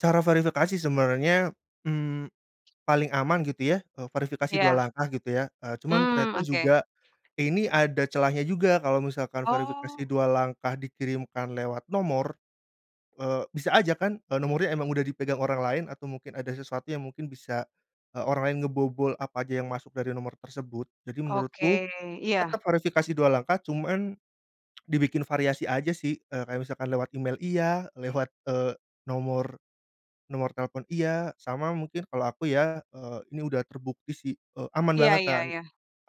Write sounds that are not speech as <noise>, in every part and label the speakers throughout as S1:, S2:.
S1: Cara verifikasi sebenarnya, mmm, paling aman gitu ya, eee, verifikasi 2
S2: Iya.
S1: langkah gitu ya, eee, cuman
S2: Mmm,
S1: ternyata
S2: oke.
S1: juga ini ada celahnya juga, kalau misalkan verifikasi
S2: Oh.
S1: 2 langkah dikirimkan lewat nomor, eee, bisa aja kan, eee, nomornya emang udah dipegang orang lain atau mungkin ada sesuatu yang mungkin bisa, eee, orang lain ngebobol apa aja yang masuk dari nomor tersebut. Jadi menurutku
S2: Oke,
S1: tetep
S2: iya.
S1: verifikasi 2, langkah cuman dibikin variasi aja sih, eee, kayak misalkan lewat email iya, lewat, eee, nomor nomor telepon iya, sama mungkin kalau aku ya, eee, ini udah terbukti sih, eee, aman
S2: Iya
S1: banget
S2: iya
S1: kan,
S2: iya.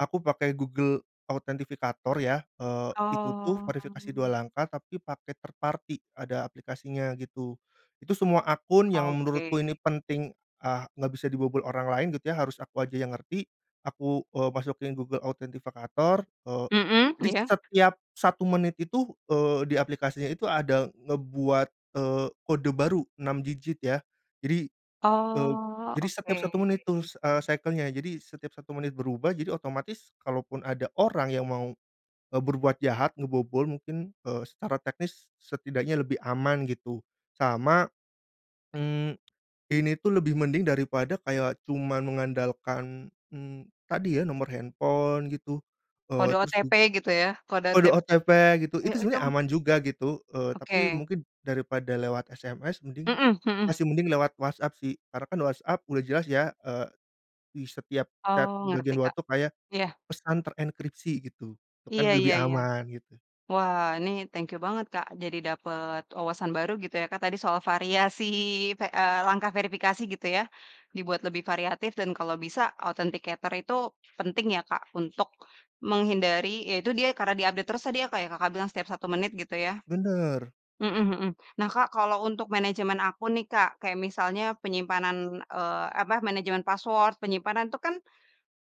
S1: aku pakai Google Authenticator ya, eee, itu tuh
S2: Oh.
S1: verifikasi 2 langkah, tapi pakai 3rd party, ada aplikasinya gitu, itu semua akun yang menurutku ini
S2: Oke.
S1: penting, eee, nggak bisa dibobol orang lain gitu ya, harus aku aja yang ngerti, aku, eee, masukin Google Authenticator, eee,
S2: Mhm,
S1: jadi
S2: iya.
S1: setiap 1 menit itu, eee, di aplikasinya itu ada ngebuat, eee, kode baru 6 digit ya. Jadi, eee,
S2: Oh,
S1: jadi
S2: oke.
S1: setiap 1 menit itu, s eee, cycle-nya, jadi setiap 1 menit berubah. Jadi otomatis kalaupun ada orang yang mau, eee, berbuat jahat, ngebobol mungkin, eee, secara teknis setidaknya lebih aman gitu. Sama, mmm, ini tuh lebih mending daripada kayak cuma mengandalkan, mmm, tadi ya, nomor handphone gitu, eee,
S2: Kode
S1: terus ju
S2: OTP gitu ya? kode
S1: kode
S2: OTP
S1: OTP gitu, itu
S2: mhm, itu
S1: sebenarnya
S2: m
S1: aman juga gitu, eee, tapi
S2: Oke.
S1: mungkin daripada lewat SMS, mending
S2: Mhm mhm.
S1: masih mending lewat WhatsApp sih, karena kan WhatsApp udah jelas ya, eee, di setiap chat
S2: Oh,
S1: bagian
S2: ngerti,
S1: luar
S2: Kak.
S1: tuh, kayak
S2: Iya.
S1: pesan terenkripsi gitu, itu
S2: Iya
S1: kan
S2: iya
S1: lebih
S2: iya.
S1: aman, gitu.
S2: Wah, ini thank you banget, Kak, jadi dapet wawasan baru gitu ya, Kak, tadi soal variasi ve eee, langkah verifikasi gitu ya, dibuat lebih variatif dan kalau bisa authenticator itu penting ya, Kak? Untuk menghindari, ya itu dia, karena dia update terus tadi ya, Kak? Yang Kakak bilang setiap 1 menit gitu, ya.
S1: Benar.
S2: Mhm mhm. Nah, Kak, kalau untuk manajemen akun nih, Kak, kayak misalnya penyimpanan, eee, apa manajemen password, penyimpanan itu kan,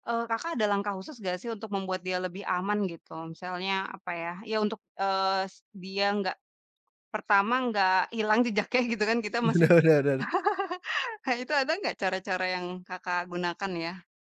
S2: eee, Kakak ada langkah khusus nggak sih, untuk membuat dia lebih aman gitu, misalnya apa ya, ya untuk, eee, dia nggak pertama nggak hilang jejaknya gitu kan, kita masih
S1: Bener
S2: tetap
S1: bener bener.
S2: <chuckles> Kak, itu ada nggak cara-cara yang Kakak gunakan ya?